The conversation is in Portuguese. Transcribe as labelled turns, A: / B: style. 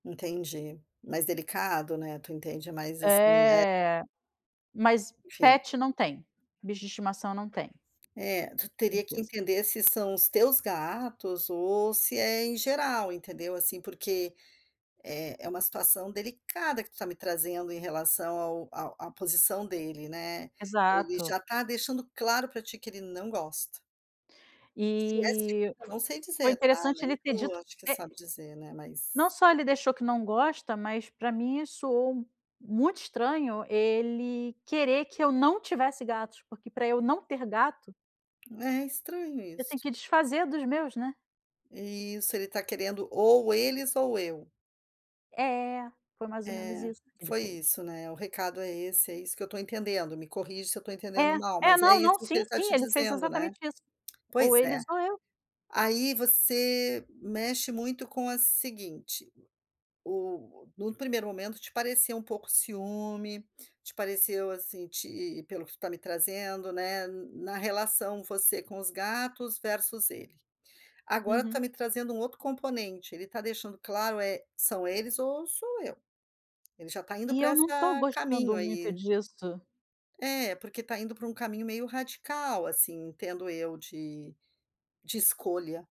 A: Entendi, mais delicado né, tu entende mais assim, né.
B: É, mas
A: Enfim.
B: pet não tem, bicho de estimação não tem.
A: É, tu teria que
B: Certeza.
A: entender se são os teus gatos ou se é em geral, entendeu assim, porque é é uma situação delicada que tu está me trazendo em relação ao ao à posição dele, né, ele já
B: Exato.
A: está deixando claro pra ti que ele não gosta. Se é seguro
B: E
A: eu não sei
B: foi
A: dizer tá,
B: interessante
A: nem
B: ele ter
A: tu
B: dito
A: acho que você
B: é
A: sabe dizer, né, mas
B: não só ele deixou que não gosta, mas pra mim isso soou muito estranho ele querer que eu não tivesse gatos, porque para eu não ter gato
A: É estranho
B: eu tenho
A: isso.
B: que desfazer dos meus, né.
A: Isso ele está querendo ou eles ou eu.
B: É, foi mais ou menos
A: É,
B: isso que ele
A: foi
B: fez.
A: isso, né, o recado é esse, é isso que eu estou entendendo, me corrige se eu estou entendendo
B: É,
A: mal,
B: é
A: mas é
B: não,
A: isso
B: não,
A: que
B: sim,
A: ele está
B: sim,
A: te
B: ele fez
A: dizendo, né.
B: exatamente isso. Ou
A: Pois é,
B: eles ou eu.
A: aí você mexe muito com a seguinte. O num primeiro momento te pareceu um pouco ciúme, te pareceu assim te, pelo que tu está me trazendo, né, na relação você com os gatos versus ele. Agora tu está
B: Uhum.
A: me trazendo um outro componente, ele está deixando claro: é, são eles ou sou eu. Ele já está indo
B: E
A: para
B: eu não estou
A: essa
B: gostando
A: caminho
B: muito
A: aí.
B: disso.
A: É, porque está indo para um caminho meio radical assim, entendo eu de de escolha.